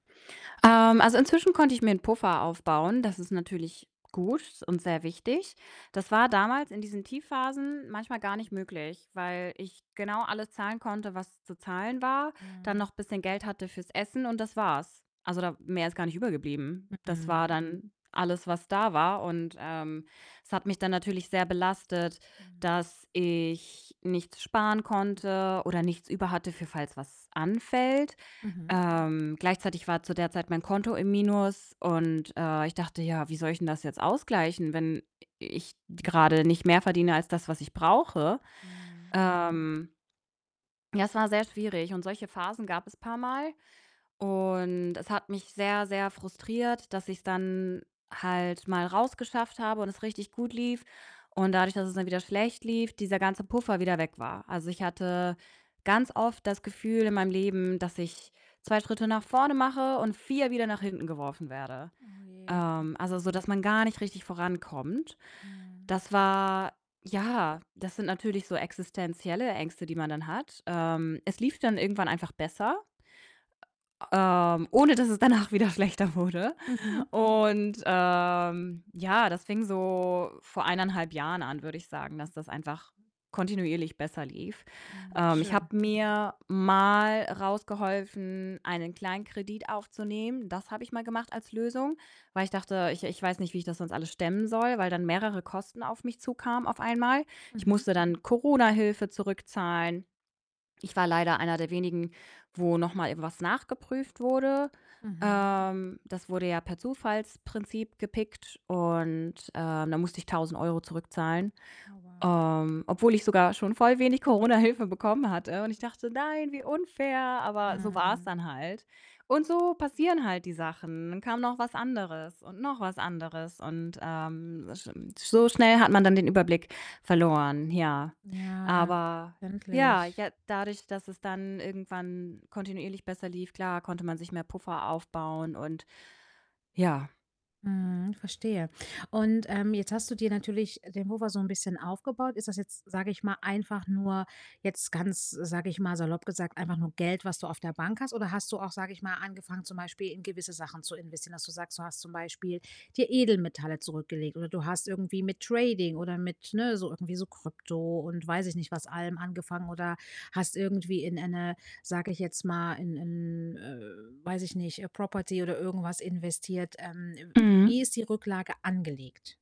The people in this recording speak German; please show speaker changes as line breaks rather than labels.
Ähm, also, inzwischen konnte ich mir 'n Puffer aufbauen. Das ist natürlich gut und sehr wichtig. Das war damals in diesen Tiefphasen manchmal gar nicht möglich, weil ich genau alles zahlen konnte, was zu zahlen war, dann
Mhm.
noch bisschen Geld hatte fürs Essen, und das war's. Also, da mehr ist gar nicht übrig geblieben. Das war
Mhm.
dann alles, was da war, und, ähm, es hat mich dann natürlich sehr belastet,
Mhm.
dass ich nichts sparen konnte oder nichts über hatte für falls was anfällt.
Mhm.
Ähm, gleichzeitig war zu der Zeit mein Konto im Minus und, äh, ich dachte: „Ja, wie soll ich denn das jetzt ausgleichen, wenn i ich grade nicht mehr verdiene als das, was ich brauche?“
Mhm.
Ähm ja, es war sehr schwierig und solche Phasen gab es paarmal und es hat mich sehr, sehr frustriert, dass ich's dann halt mal rausgeschafft habe und es richtig gut lief und dadurch, dass es dann wieder schlecht lief, dieser ganze Puffer wieder weg war. Also, ich hatte ganz oft das Gefühl in meinem Leben, dass ich 2 Schritte nach vorne mache und 4 wieder nach hinten geworfen werde.
Oh, je.
Ähm, also sodass man gar nicht richtig vorankommt.
Mhm.
Das war ja, das sind natürlich so existenzielle Ängste, die man dann hat. Ähm, es lief dann irgendwann einfach besser ähm, ohne dass es danach wieder schlechter wurde.
Mhm.
Und, ähm, ja, das fing so vor 1 1/2 Jahren an, würde ich sagen, dass das einfach kontinuierlich besser lief.
Hm,
Ähm, ich
schön.
habe mir mal rausgeholfen, einen Kleinkredit aufzunehmen. Das habe ich mal gemacht als Lösung, weil ich dachte: „Ich ich weiß nicht, wie ich das sonst alles stemmen soll“, weil dann mehrere Kosten auf mich zukamen auf einmal. Ich
Mhm.
musste dann Corona-Hilfe zurückzahlen. Ich war leider einer der wenigen, wo noch mal irgendwas nachgeprüft wurde.
Mhm.
Ähm, das wurde ja per Zufallsprinzip gepickt und, äh, dann musste ich 1.000 € zurückzahlen,
Oh, wow.
ähm, obwohl ich sogar schon voll wenig Corona-Hilfe bekommen hatte, und ich dachte: „Nein, wie unfair!“ Aber so war's
Mhm.
dann halt und so passieren halt die Sachen. Dann kam noch was anderes und noch was anderes und, ähm, sch so schnell hat man dann den Überblick verloren, ja.
Ja, ja,
Aber ja,
verständlich.
ja, dadurch, dass es dann irgendwann kontinuierlich besser lief, klar, konnte man sich mehr Puffer aufbauen und ja.
Mhm, verstehe und, ähm, jetzt hast du dir natürlich den Puffer so 'n bisschen aufgebaut. Ist das jetzt, sage ich mal einfach nur jetzt ganz, sage ich mal, salopp gesagt, einfach nur Geld, was du auf der Bank hast? Oder hast du auch, sage ich mal, angefangen, zum Beispiel in gewisse Sachen zu investieren, dass du sagst, du hast zum Beispiel dir Edelmetalle zurückgelegt oder du hast irgendwie mit Trading oder mit, ne, so irgendwie so Krypto und weiß ich nicht, allem angefangen oder hast irgendwie in eine sage ich jetzt mal, in in, äh, weiß ich nicht, Property oder irgendwas investiert. Ähm, w
Mhm.
wie ist die Rücklage angelegt?